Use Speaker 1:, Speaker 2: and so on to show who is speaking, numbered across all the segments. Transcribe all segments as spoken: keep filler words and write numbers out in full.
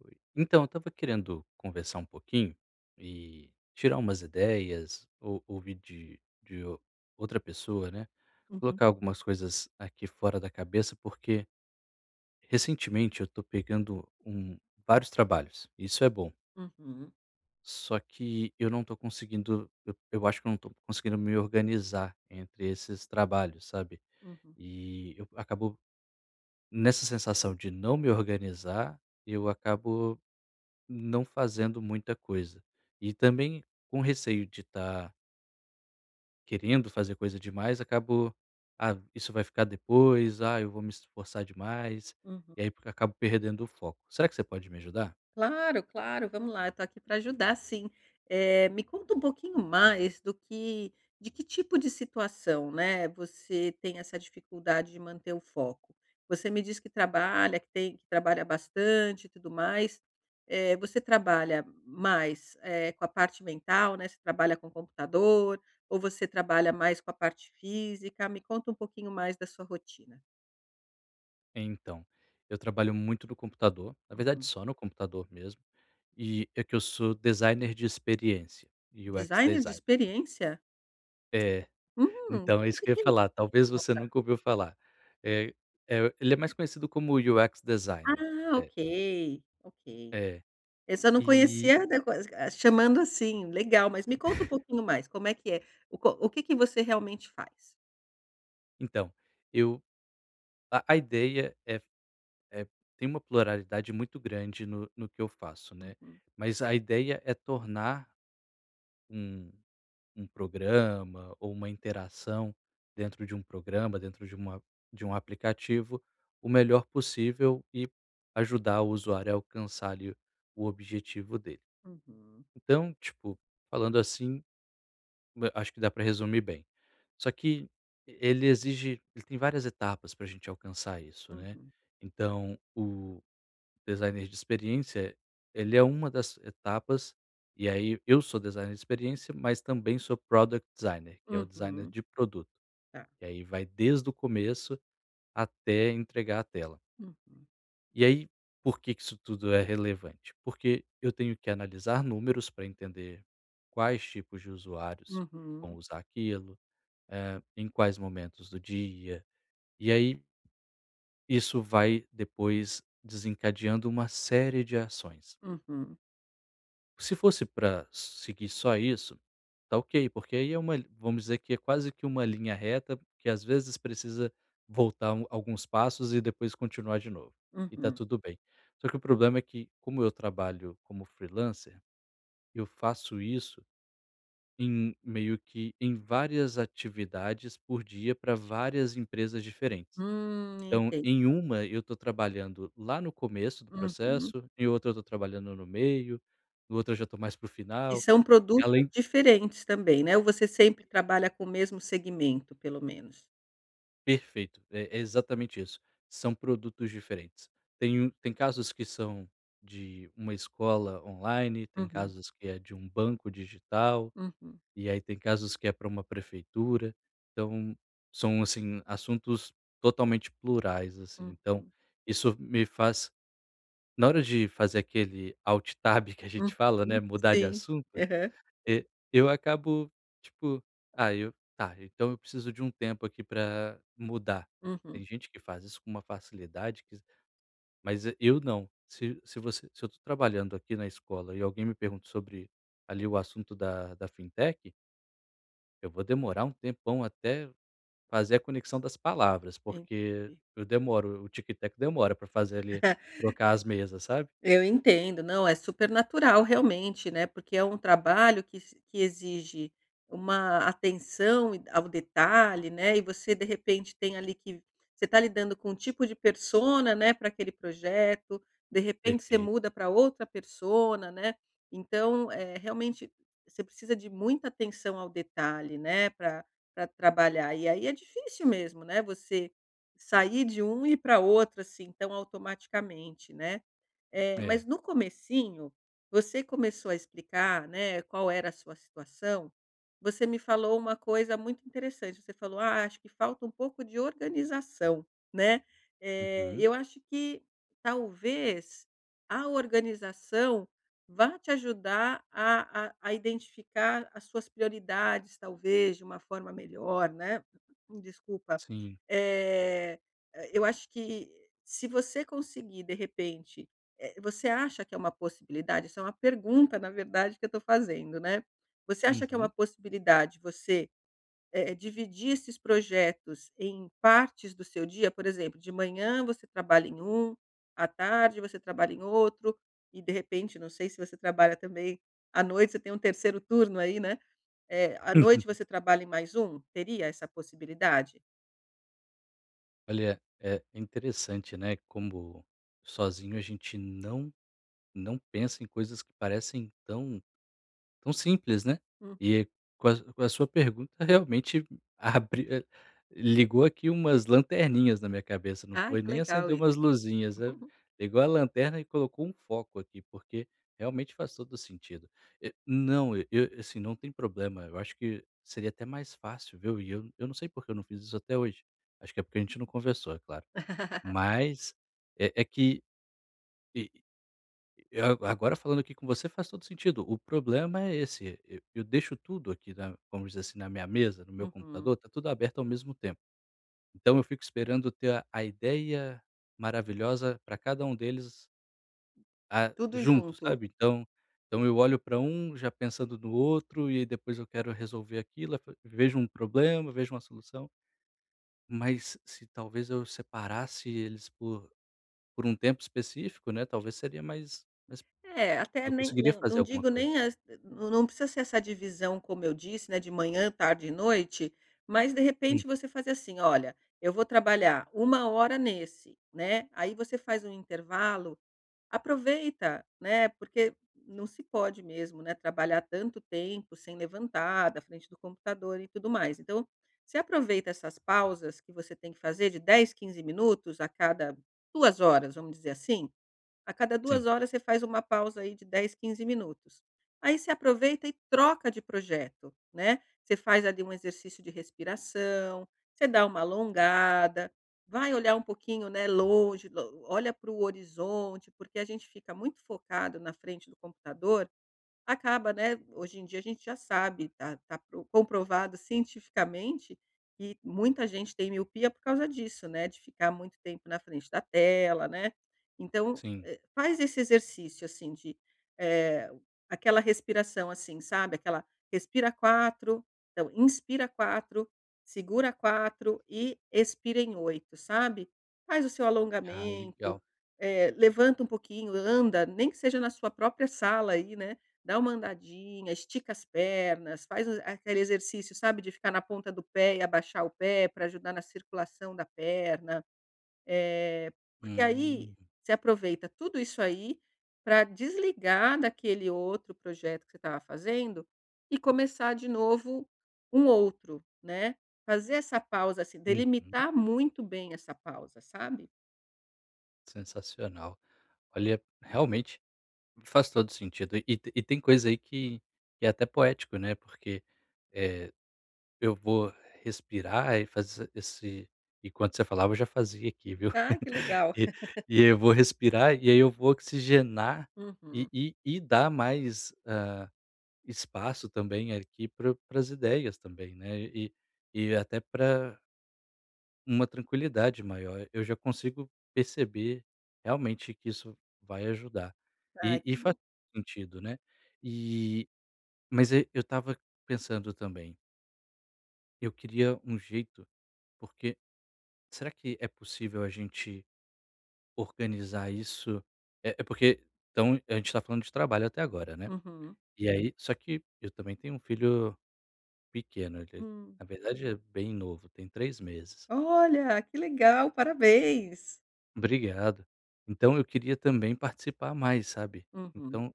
Speaker 1: Oi. Então, eu estava querendo conversar um pouquinho, e tirar umas ideias, ou ouvir de de ou outra pessoa, né,
Speaker 2: Uhum.
Speaker 1: colocar algumas coisas aqui fora da cabeça, porque recentemente eu estou pegando um vários trabalhos. Isso é bom.
Speaker 2: Uhum.
Speaker 1: Só que eu não estou conseguindo, eu eu acho que não estou conseguindo me organizar entre esses trabalhos, sabe.
Speaker 2: Uhum.
Speaker 1: E eu acabo, nessa sensação de não me organizar, eu acabo não fazendo muita coisa. E também com receio de tã querendo fazer coisa demais acabou: "Ah isso vai ficar depois, ah, eu vou me esforçar demais".
Speaker 2: Uhum.
Speaker 1: E aí porque acabo perdendo o foco. Será que você pode me ajudar?
Speaker 2: Claro, claro. Vamos lá, eu estou aqui pra ajudar sim. Eh, me conta pouquinho mais do que de que tipo de situação, né, você tem essa dificuldade de manter o foco. Você me diz que trabalha, que tem que trabalhar bastante e tudo mais. Eh, você trabalha mais, eh, com a parte mental, né, você trabalha com computador? Ou você trabalha mais com a parte física? Me conta pouquinho mais da sua rotina.
Speaker 1: Então, eu trabalho muito no computador na verdade
Speaker 2: Uhum.
Speaker 1: só no computador mesmo, e é que eu sou designer de experiência, UX
Speaker 2: Designer de
Speaker 1: Designer.
Speaker 2: experiência?
Speaker 1: É.
Speaker 2: Hum,
Speaker 1: Então é
Speaker 2: o
Speaker 1: isso
Speaker 2: que
Speaker 1: que eu ia
Speaker 2: que é isso,
Speaker 1: falar, talvez
Speaker 2: me
Speaker 1: você
Speaker 2: conta!
Speaker 1: nunca ouviu falar. Eh, eh, ele é mais conhecido como UX Designer.
Speaker 2: Ah,
Speaker 1: É.
Speaker 2: ok. Ok.
Speaker 1: É.
Speaker 2: Esse eu só não
Speaker 1: E
Speaker 2: conhecia, da quas ah chamando assim, legal. Mas me conta pouquinho mais como é que é, o co o que que você realmente faz?
Speaker 1: Então, eu a a ideia é f eh, tem uma pluralidade muito grande no no que eu faço, né.
Speaker 2: Uhum.
Speaker 1: Mas a ideia é tornar um um programa ou uma interação dentro de um programa, dentro de uma de um aplicativo, o melhor possível, e ajudar o usuário a alcançar, ali, o objetivo dele.
Speaker 2: Uhum.
Speaker 1: Então, tipo, falando assim, hã acho que dá para resumir bem. Só que ele exige ele tem várias etapas para a gente alcançar isso, né.
Speaker 2: Uhum.
Speaker 1: Então, o designer de experiência, ele é uma das etapas, e aí eu sou designer de experiência, mas também sou product designer, que é o designer
Speaker 2: Uhum.
Speaker 1: de produto.
Speaker 2: Tá.
Speaker 1: E aí vai desde o começo até entregar a tela.
Speaker 2: Uhum.
Speaker 1: E aí, por que que isso tudo é relevante? Porque eu tenho que analisar números pra entender quais tipos de usuários vão
Speaker 2: Uhum.
Speaker 1: usar aquilo, eh, em quais momentos do dia. E aí isso vai depois desencadeando uma série de ações.
Speaker 2: Uhum.
Speaker 1: Se fosse pra seguir só isso, tá ok, porque aí é uma li vamos dizer que é quase que uma linha reta, que às vezes precisa voltar um alguns passos e depois continuar de novo. E tá
Speaker 2: Uhum.
Speaker 1: tudo bem, só que o problema é que, como eu trabalho como freelancer, eu faço isso em meio que em várias atividades por dia pra várias empresas diferentes.
Speaker 2: Hum,
Speaker 1: Então,
Speaker 2: enten
Speaker 1: em uma eu tô trabalhando lá no começo do
Speaker 2: Uhum.
Speaker 1: processo, em outra eu tô trabalhando no meio, outra já tô mais para o
Speaker 2: E
Speaker 1: final,
Speaker 2: são produtos
Speaker 1: além
Speaker 2: diferentes também, né, ou você sempre
Speaker 1: [unintelligible]
Speaker 2: trabalha com o mesmo segmento pelo menos?
Speaker 1: Perfeito é é exatamente isso são produtos diferentes. Tem um tem casos que são de uma escola online, tem
Speaker 2: Uhum.
Speaker 1: casos que é de um banco digital,
Speaker 2: Uhum.
Speaker 1: e aí tem casos que é pra uma prefeitura. Então são assim, assuntos totalmente plurais, assim, então,
Speaker 2: Uhum.
Speaker 1: isso me faz, na hora de fazer aquele alt tab que a gente fala, né,
Speaker 2: Uhum,
Speaker 1: mudar de
Speaker 2: sim,
Speaker 1: assunto,
Speaker 2: aham.
Speaker 1: eh, eu acabo, tipo ah, eu tá então eu preciso de tempo aqui pra mudar.
Speaker 2: Uhum.
Speaker 1: Tem gente que faz isso com uma facilidade que mas e eu não. Se se você se eu tô trabalhando aqui na escola e alguém me pergunta sobre ali o assunto da da fintech eu vou demorar um tempão até fazer a conexão das palavras, porque
Speaker 2: Entendi.
Speaker 1: eu demoro, o tico e o teco demora pra fazer ali trocar as mesas, sabe.
Speaker 2: Eu entendo não, é super natural realmente, né, porque é um trabalho que se que exige, uma atenção ao detalhe, né, e você de repente tem ali que você tá lidando com um tipo de persona, né, pra aquele projeto, de repente você
Speaker 1: Perfeito.
Speaker 2: muda pra outra persona, né. Então é realmente você precisa de muita atenção ao detalhe, né, pra pra trabalhar e aí é difícil mesmo, né, você sair de um e ir pra outro, assim, tão automaticamente, né. Eh, mas
Speaker 1: É.
Speaker 2: no comecinho você começou a explicar, né, qual era a sua situação, você me falou uma coisa muito interessante, você falou: "Ah, acho que falta um pouco de organização, né". Eh,
Speaker 1: Uhum.
Speaker 2: eu acho que talvez a organização vá te ajudar a a a identificar as suas prioridades talvez de uma forma melhor, né Desculpa,
Speaker 1: Sim.
Speaker 2: eh, eu acho que se você conseguir de repente, eh, você acha que é uma possibilidade, isso é uma pergunta na verdade que eu tô fazendo, né. Você acha que é uma
Speaker 1: Uhum.
Speaker 2: possibilidade você, eh, dividir esses projetos em partes do seu dia? Por exemplo de manhã você trabalha em um, à tarde você trabalha em outro, e de repente não sei se você trabalha também à noite, você tem um terceiro turno aí, né, eh, à noite você trabalha em mais um, teria essa possibilidade?
Speaker 1: Olha é interessante, né, como sozinho a gente não não pensa em coisas que parecem tão tão simples, né,
Speaker 2: Hum.
Speaker 1: e com a com a sua pergunta realmente abriu ligou aqui umas lanterninhas na minha cabeça, não
Speaker 2: Ah
Speaker 1: foi
Speaker 2: que
Speaker 1: nem
Speaker 2: legal
Speaker 1: acendeu
Speaker 2: isso.
Speaker 1: umas luzinhas, igual a lanterna e colocou um foco aqui, porque realmente faz todo sentido, eh, não assim, não tem problema eu acho que seria até mais fácil ver, e eu não sei porque eu não fiz isso até hoje, acho que é porque a gente não conversou é claro, mas, eh eh, que agora falando aqui com você faz todo o sentido, o problema é esse, eu eu deixo tudo aqui na vamos dizer, assim, na minha mesa, no meu
Speaker 2: Uhum.
Speaker 1: computador, tá tudo aberto ao mesmo tempo, então eu fico esperando ter a ideia maravilhosa pra cada um deles. Ah,
Speaker 2: Tudo
Speaker 1: junto,
Speaker 2: junto.
Speaker 1: sabe, então então eu olho para já pensando no outro e depois eu quero resolver aquilo, vejo um problema vejo uma solução mas se talvez eu separasse eles por por um tempo específico, né, talvez seria mais mais
Speaker 2: É, até
Speaker 1: eu
Speaker 2: nem
Speaker 1: conseguiria
Speaker 2: nem
Speaker 1: fazer
Speaker 2: não
Speaker 1: alguma
Speaker 2: digo
Speaker 1: coisa.
Speaker 2: nem as não não precisa ser essa divisão como eu disse, né, de manhã, tarde e noite, mas de
Speaker 1: Hum.
Speaker 2: repente você faz assim olha eu vou trabalhar uma hora nesse, né, aí você faz intervalo, aproveita, né, porque não se pode mesmo, né, trabalhar tanto tempo sem levantar da frente do computador e tudo mais, então você aproveita essas pausas que você tem que fazer de dez, quinze minutos a cada duas horas, vamos dizer assim, a cada duas
Speaker 1: Sim.
Speaker 2: horas você faz uma pausa aí de dez, quinze minutos, aí você aproveita e troca de projeto, né, você faz ali exercício de respiração, você dá uma alongada, vai olhar um pouquinho, né, longe, o olha pro horizonte porque a gente fica muito focado na frente do computador, acaba, né, hoje em dia a gente já sabe tá tá comprovado cientificamente que muita gente tem miopia por causa disso, né, de ficar muito tempo na frente da tela, né, então,
Speaker 1: Sim.
Speaker 2: eh, faz esse exercício, assim, de, eh, aquela respiração, assim sabe, aquela respira quatro não inspira quatro, segura quatro e expira em oito, sabe, faz o seu
Speaker 1: Ah
Speaker 2: alongamento,
Speaker 1: legal.
Speaker 2: eh, levanta pouquinho, anda, nem que seja na sua própria sala aí, né, dá uma andadinha, estica as pernas, faz a aquele exercício sabe de ficar na ponta do pé e abaixar o pé pra ajudar na circulação da perna, eh, porque aí,
Speaker 1: Hum.
Speaker 2: você aproveita tudo isso aí, pra desligar daquele outro projeto que você estava fazendo, e começar de novo um outro, né, fazer essa pausa, se
Speaker 1: Uhum.
Speaker 2: delimitar muito bem essa pausa, sabe.
Speaker 1: Sensacional. Olha realmente, me faz todo o sentido, e tem e tem coisa aí que que é até poético, né, porque, eh, eu vou respirar e fazer esse e quando você falava eu já fazia aqui viu?
Speaker 2: Ah, que legal.
Speaker 1: E eu vou respirar e aí eu vou oxigenar e
Speaker 2: Uhum.
Speaker 1: e e dar mais ah, espaço também aqui pra para as ideias também né, e e até pra Uma tranquilidade maior. Eu já consigo perceber realmente que isso vai ajudar,
Speaker 2: Ai
Speaker 1: e
Speaker 2: que
Speaker 1: e faz
Speaker 2: bom.
Speaker 1: sentido, né, eh mas ai eu estava pensando também Eu queria um jeito porque será que é possível a gente organizar isso? É porque então, a gente está falando de trabalho até agora, né.
Speaker 2: Uhum.
Speaker 1: E aí só que eu também tenho um filho pequeno,
Speaker 2: Hum.
Speaker 1: na verdade é bem novo tem três meses.
Speaker 2: Olha, que legal. Parabéns.
Speaker 1: Obrigado. Então eu queria também participar mais sabe,
Speaker 2: Uhum.
Speaker 1: então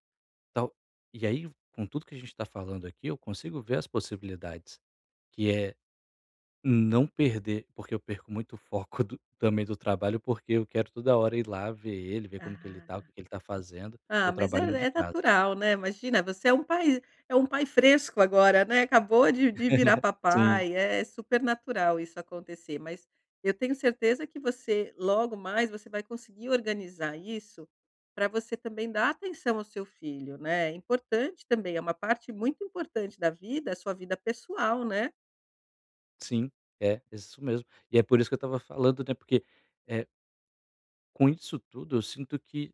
Speaker 1: tal e aí com tudo que a gente está falando aqui eu consigo ver as possibilidades que é não perder porque eu perco muito foco do também do trabalho porque eu quero toda hora ir lá ver ele ver como que ele
Speaker 2: Ah
Speaker 1: está, o que que ele está fazendo, eu
Speaker 2: Ah, mas é
Speaker 1: trabalho de
Speaker 2: é
Speaker 1: casa.
Speaker 2: natural, né? Imagina você é um pai é um pai fresco agora, né, acabou de de virar
Speaker 1: Sim.
Speaker 2: papai é super natural isso acontecer mas, eu tenho certeza que você logo mais você vai conseguir organizar isso, pra você também dar atenção ao seu filho, né? É importante também, é uma parte muito importante da vida, a sua vida pessoal, né?
Speaker 1: Sim, é. É isso mesmo, e é por isso que eu tava falando até porque eh Com isso tudo eu sinto que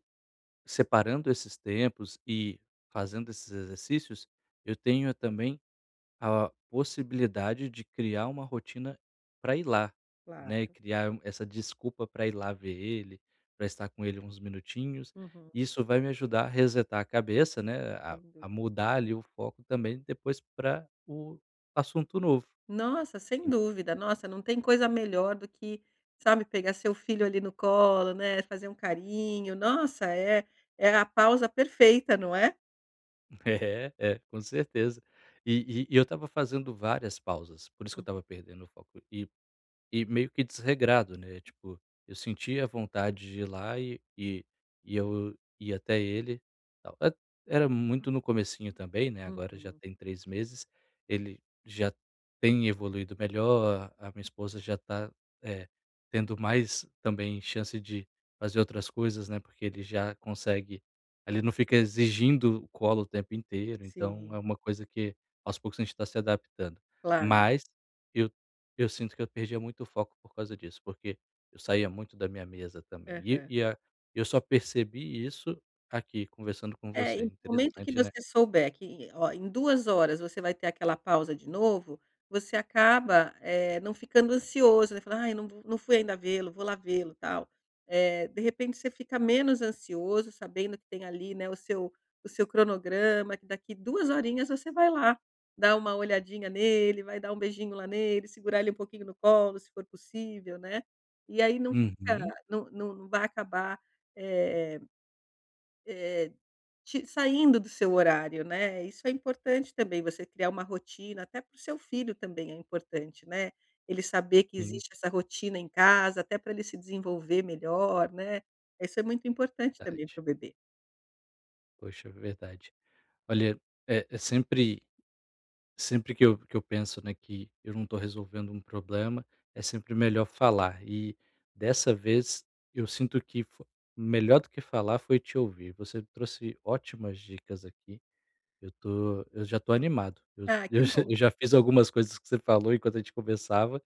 Speaker 1: separando esses tempos e fazendo esses exercícios, eu tenho também a possibilidade de criar uma rotina para ir lá, né,
Speaker 2: Claro.
Speaker 1: criar essa desculpa para ir lá ver ele, para estar com ele uns minutinhos
Speaker 2: Uhum.
Speaker 1: e isso vai me ajudar a resetar a cabeça, né. A
Speaker 2: Sem dúvida.
Speaker 1: a mudar ali o foco também depois para o assunto novo.
Speaker 2: Nossa, sem dúvida nossa não tem coisa melhor do que, sabe, pegar seu filho ali no colo né, fazer um carinho nossa é é a pausa perfeita, não é?
Speaker 1: É, é com certeza. E e e eu estava fazendo várias pausas, por isso que eu
Speaker 2: Uhum.
Speaker 1: estava perdendo o foco e e meio que desregrado, né, tipo, eu sentia vontade de ir lá e e eu ia até ele Era muito no comecinho também, né, agora já
Speaker 2: Uhum.
Speaker 1: tem três meses ele já tem evoluído melhor a a minha esposa já tá, eh, tendo mais também chance de fazer outras coisas, né, porque ele já consegue ele não fica exigindo colo o tempo inteiro, então
Speaker 2: Sim.
Speaker 1: é uma coisa que aos poucos a gente está se adaptando.
Speaker 2: Claro.
Speaker 1: Mas eu eu sinto que eu perdia muito foco por causa disso, porque eu saía muito da minha mesa também e
Speaker 2: Aham.
Speaker 1: e eu só percebi isso aqui conversando com
Speaker 2: É, e
Speaker 1: você.
Speaker 2: no momento que
Speaker 1: Interessante, né?
Speaker 2: você souber que oh, em duas horas você vai ter aquela pausa de novo, você acaba, eh, não ficando ansioso, você vai falar: "Ai não não fui ainda vê-lo, vou lá vê-lo, tal", eh, de repente você fica menos ansioso sabendo que tem ali, né, o seu o seu cronograma que daqui duas horinhas você vai lá, dá uma olhadinha nele vai dar um beijinho lá nele, segurar ele um pouquinho no colo se for possível, né. E aí não fica
Speaker 1: Uhum.
Speaker 2: não não vai acabar, eh eh eh te saindo do seu horário, né? Isso é importante também, você criar uma rotina, até para o seu filho também é importante, né, ele saber que
Speaker 1: Sim.
Speaker 2: existe essa rotina em casa até pra ele se desenvolver melhor, né, isso é muito importante também
Speaker 1: Verdade.
Speaker 2: para o bebê.
Speaker 1: Poxa, verdade. Olha, eh eh, sempre sempre que eu que eu penso, né, que eu não estou resolvendo um problema, é sempre melhor falar e dessa vez, eu sinto que fo melhor do que falar foi te ouvir. Você trouxe ótimas dicas aqui. Eu tô eu já tô animado. Eu
Speaker 2: Ah que
Speaker 1: eu
Speaker 2: bom!
Speaker 1: já fiz algumas coisas que você falou enquanto a gente conversava,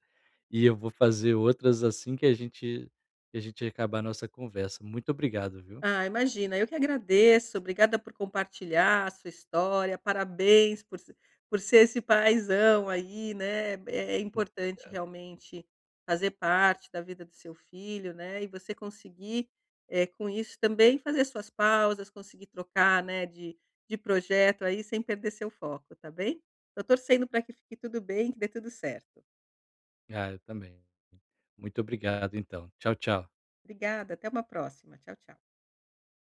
Speaker 1: e eu vou fazer outras assim que a gente que a gente acabar a nossa conversa. Muito obrigado, viu?
Speaker 2: Ah, imagina eu que agradeço obrigada por compartilhar a sua história, parabéns por se por ser esse paizão aí, né, é
Speaker 1: [unintelligible]
Speaker 2: importante
Speaker 1: obrigado.
Speaker 2: realmente fazer parte da vida do seu filho, né. E você conseguir, eh, com isso também fazer suas pausas, conseguir trocar, né, de de projeto aí sem perder seu foco, está bem? Estou torcendo pra que fique tudo bem, que dê tudo certo.
Speaker 1: Ah eu também. Muito obrigado, então. Tchau, tchau.
Speaker 2: Obrigada, até uma próxima, tchau, tchau.